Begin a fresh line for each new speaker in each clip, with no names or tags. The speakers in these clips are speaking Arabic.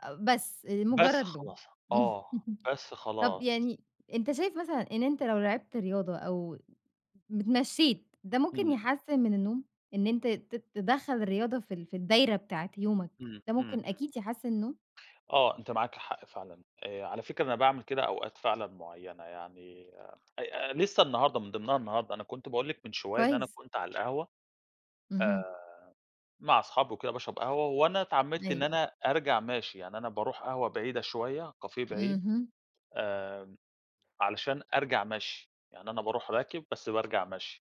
أ بس أ
بس
مجرّد لوم.
اخلّصها، آه، بس
طَب
خلاص.
يعني أنت شايف مثلًا إن أنت لو لعبت رياضة أو مت اتمشّيت ده ممكن
إمم.
يحسّن من النوم، إن أنت ت تدخّل الرياضة في ال في الدايرة بتاعة يومك،
إمم،
ده
إمم،
ممكن
إمم.
أكيد يحسّن النوم؟
آه، أنتِ معاكِ حق فعلًا آآ، على فكرة أنا باعمل كده أوقات فعلًا معيّنة، يعني أي أ أ لسه النهارده، من ضِمنها النهارده، أنا كنت باقول لِك من شوية إن أنا
كويس.
كنت على القهوة
اهم.
آآ، مع أصحابي وكده باشرَب قهوة وأنا اتعمّدت إن
أيوه.
أنا أرجَع ماشي، يعني أنا باروح قهوة بعيدة شوية، كافيه بعيد
اهم.
آمم، علشان أرجَع مشْي، يعني أنا بارُوح راكب بس بارجَع مشْي.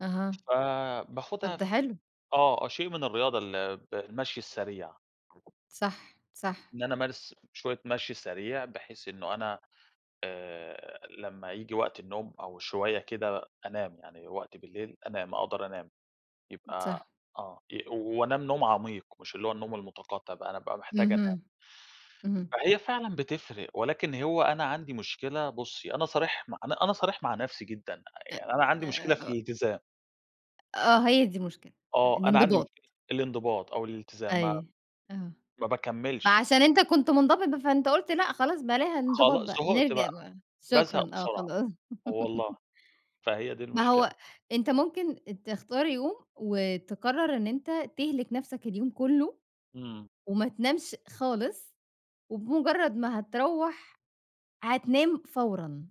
أها.
فباخُدها
طَب ده
ف
حلو.
آه، آه، شيء من الرياضة الب المشْي السريع. [unintelligible]
صح، صح.
إن أنا أمارس شوية مشْي سريع، بحيث إنه أنا آآ لمّا ييجي وقت النوم أو شوية كده، أنام، يعني وقت بالليل أنام، أقدَر أنام،
م
يبقى
صح.
آه، أ و وأنام نوم عميق مش اللي هو النوم المتقطّع بقى، أنا أبقى محتاج أنام.
اهم. اهم.
فهي فعلًا بتفرِق ولكن هو أنا عندي مشكلة، بُصّي، أنا صريح مع أنا أنا صريح مع نفْسي جدًا، أ
أ
يعني أنا
أ
عَندي
أ
مشكلة في
أ
الإلتزام.
أ آه، هي دي المشكلة، أ
آه، أنا عَندي
الإنضباط.
مشكلة الإنضباط أو الإلتزام مع
أيوه، آه،
ما
ما
باكمّلش يع
عشان أنت كنت مُنضبِط ب فأنت قُلت، لأ، خلاص بلاها الإنضباط
خلاص
بقى،
زهقت
نرجَع
بقى،
بقى، شكرًا،
بازهَق
آه،
بسرعة،
خلاص.
والله، فهي دي
ما
المشكلة.
هو أنت ممكن أ تختار يوم وتقرّر إن أنت تهلِك نفْسك اليوم كلّه
إمم.
وما تنامش خالص، وبمجرّد ما هتروّح هتنام فورًا.